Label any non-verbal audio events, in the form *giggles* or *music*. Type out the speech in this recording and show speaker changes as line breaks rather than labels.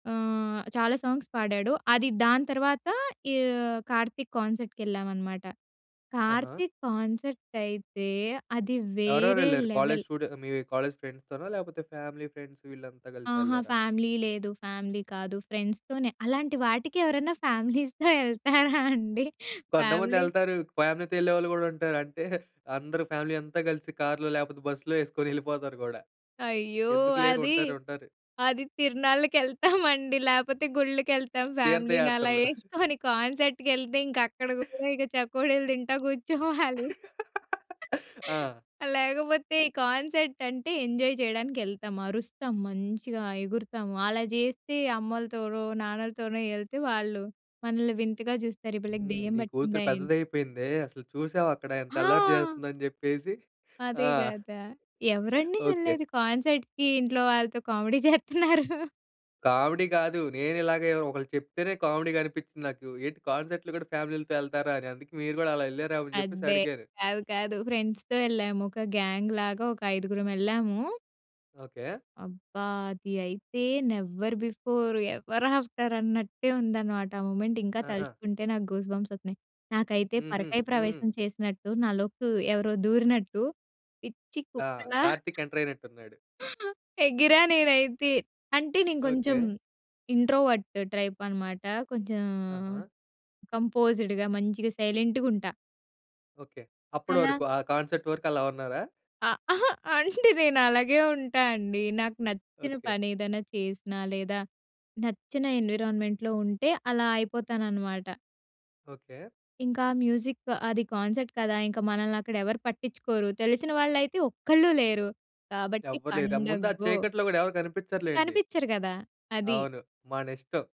ఆహ్, చాలా సాంగ్స్ పాడాడు. అది దాని తర్వాత ఈ కార్తీక్ కాన్సర్ట్‌కేళ్ళామనమాట.
ఆహా!
కార్తీక్ కాన్సర్ట్ అయితే అది వేరే
ఎవరెవరెళ్లారు? College
level.
స్టూడె మీ కాలేజ్ ఫ్రెండ్స్‌ తోనా లేపోతే ఫ్యామిలీ ఫ్రెండ్స్ వీళ్ళంతా
ఆహా!
గలిసెళ్ళారా?
ఫ్యామిలీ లేదు. ఫ్యామిలీ కాదు. ఫ్రెండ్స్‌ తోనే. అలాంటి వాటికి ఎవరైనా ఫ్యామిలీస్‌తో యెళ్తారా అండి?
కొంతమంది
ఫ్యామిలీ
యెళ్తారు. ఫ్యామిలీతో యెళ్ళేవాళ్ళు గూడుంటారు. అంటే *giggles* అందరూ ఫ్యామిలీ అంతా గలిసి కార్‌లో లేపోతే బస్సులో యేసుకొని యెళ్ళిపోతారు గూడా.
అయ్యో!
ఎందుకు లేరు.
అది,
ఉంటారు. ఉంటారు.
అది తిర్నాళ్ళకెళ్తామండి. లేపోతే గుళ్ళకేళ్తాం ఫ్యామిలీని అలా
తీర్థయాత్రలు. *giggles*
యేసుకొని కాన్సర్ట్‌ కేళ్తే ఇంకక్కడ గూడా
*giggles*
ఇక చకోడీలు తింటా గూర్చోవాలి.
*laughs* ఆ!
లేకపోతే కాన్సర్ట్ అంటే ఎంజాయ్ చేయడానికి యెళ్తాం. అరుస్తాం మంచిగా, ఎగురుతాము. అలా జేస్తే అమ్మలతోనో, నాన్నలతోనో యెళ్తే వాళ్ళు మనల్ని వింతగా జూస్తారు ఈ పిల్లకి
హ్మ్.
దెయ్యం
నీ కూతురు
పట్టిందా
పెద్దది
ఏంటి?
అయిపోయిందే. అసలు చూసావా? అక్కడ ఎంత అల్లరి
హా!
చేస్తుందని జెప్పేసి ఆ!
అదే గదా! ఎవరండి
ఓకే.
యెళ్లేది కాన్సర్ట్స్‌కీ ఇంట్లో వాళ్ళతో? కామెడీ *chuckles* చేత్తున్నారు.
కామెడీ కాదు. నేనిలాగే ఒకళ్ళు చెప్తేనే కామెడీగనిపిచ్చింది నాకు. ఏంటి కాన్సర్ట్‌లు గూడా ఫ్యామిలీలతో యెళ్తారా అని అందుకే మీరు గూడా అలా యెళ్లారేమో అని జేప్పేసి
అబ్బే!
అడిగాను.
కాదు. కాదు. ఫ్రెండ్స్‌తో యెళ్ళాము. ఒక గ్యాంగ్‌ లాగా ఒక ఐదుగురం యెళ్ళాము.
ఓకే.
అబ్బా! అది అయితే నెవర్ బిఫోర్, ఎవర్ ఆఫ్టర్ అన్నట్టే ఉందన్నమాట. ఆ మొమెంట్ ఇంకా
ఆహా!
తలుచుకుంటే నాకు గూస్‌బంప్స్ ఒత్తున్నాయి. నాకైతే
హుహు.
పరకాయ
హ్మ్.
ప్రవేశం చేసినట్టు నాలోకి ఎవరో దూరినట్టు పిచ్చి
ఆ!
కుక్కలా
కార్తీక్
*chuckles*
ఎంటరయినట్టున్నాడు.
ఎగిరా నేనైతే. అంటే నేను కొంచెం
ఓకే.
ఇంట్రోవర్ట్ ట్రైప్ అనమాట. కొంచెం
ఆహా!
కంపోజ్‌డ్‌గా, మంచిగా సైలెంటుగుంటా.
ఓకే. అప్పుడు
అలా
వరకు. ఆ కాన్సెట్ వరకు అలా ఉన్నారా?
ఆహ్, ఆహ! అంటే నేనలాగే ఉంటా అండి. నాకు నచ్చిన
ఓకే.
పని ఏదైనా చేసినా లేదా నచ్చిన ఎన్విరాన్మెంట్‌లో ఉంటే అలా అయిపోతాననమాట.
ఓకే.
ఇంకా ఆ మ్యూజిక్ అది కాన్సర్ట్ కదా! ఇంకా మనల్ని అక్కడ ఎవరు పట్టించ్చుకోరు. తెలిసిన వాళ్ళైతే ఒక్కళ్ళు లేరు. కాబట్టి
ఎవ్వరు లేరా! ఆ ముందు ఆ
పండగ్గో.
చీకట్లో గూడా ఎవరు గనిపిచ్చరులెండి.
కనిపిచ్చరు గదా! అది.
అవును. మనిష్టం.